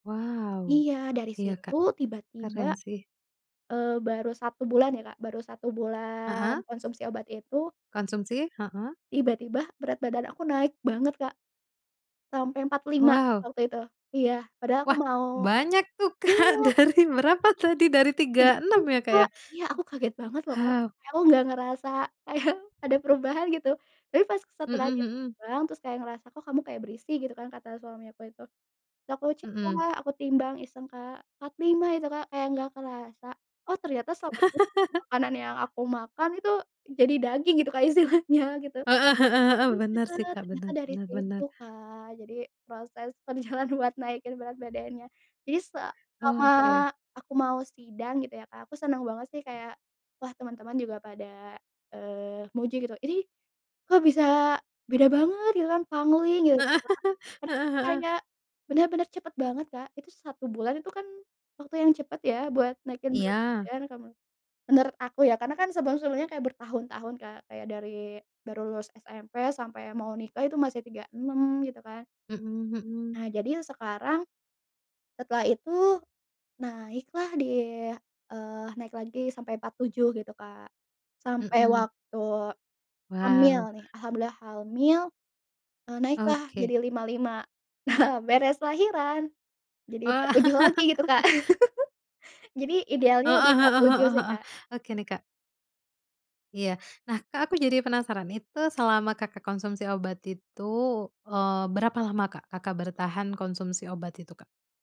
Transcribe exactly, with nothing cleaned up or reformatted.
Wow, Iya dari iya situ Kak, tiba-tiba, keren sih. eee, baru satu bulan ya Kak, baru satu bulan Heeh. konsumsi obat itu Konsumsi, heeh. tiba-tiba berat badan aku naik banget Kak. Sampai empat puluh lima Wow. waktu itu, iya, padahal aku Wah mau banyak tuh Kak, iya! dari berapa tadi, dari Kayak tiga enam gitu, ya Kak Kak, ya? iya aku kaget banget loh Kak, Hap kayak aku nggak ngerasa kayak ada perubahan gitu, tapi pas Mhm setelahnya mhm. ditimbang terus kayak ngerasa, "Kok kamu kayak berisi?" gitu kan kata suami aku itu, terus aku cek Mhm. Kak, aku timbang iseng Kak, empat lima itu Kak kayak nggak kerasa. Oh ternyata selama ini makanan yang aku makan itu jadi daging gitu Kak istilahnya gitu. Heeh heeh heeh Iya bener sih Kak, ternyata bener dari bener situ bener. Kak, jadi proses perjalanan buat naikin berat badannya. Jadi selama Oke. aku mau sidang gitu ya Kak, aku senang banget sih kayak, wah teman-teman juga pada, eee, muji gitu, "Ini kok bisa beda banget," gitu kan pangling Heeh. gitu Kak, karena Heeh heeh. kayak bener-bener cepet banget Kak, itu satu bulan itu kan waktu yang cepet ya buat naikin berat Iya. badan kalau menurut menurut aku ya, karena kan sebelum-sebelumnya kayak bertahun-tahun Kak, kayak dari baru lulus SMP, sampai mau nikah itu masih tiga enam gitu kan. Mhm mhm. Nah jadi sekarang, setelah itu naik lah di, eee, naik lagi sampai empat tujuh gitu Kak, sampai Mhm. waktu hamil Wow. nih alhamdulillah halmil, eee, naik lah jadi Oke. lima lima. Nah beres lahiran, jadi Wah. empat tujuh lagi gitu Kak. Jadi idealnya di Heeh empat heeh tujuh heeh sih heeh, Kak. oke nih Kak. Iya, nah Kak aku jadi penasaran, itu selama Kakak konsumsi obat itu, eee, berapa lama Kak, Kakak bertahan konsumsi obat itu Kak?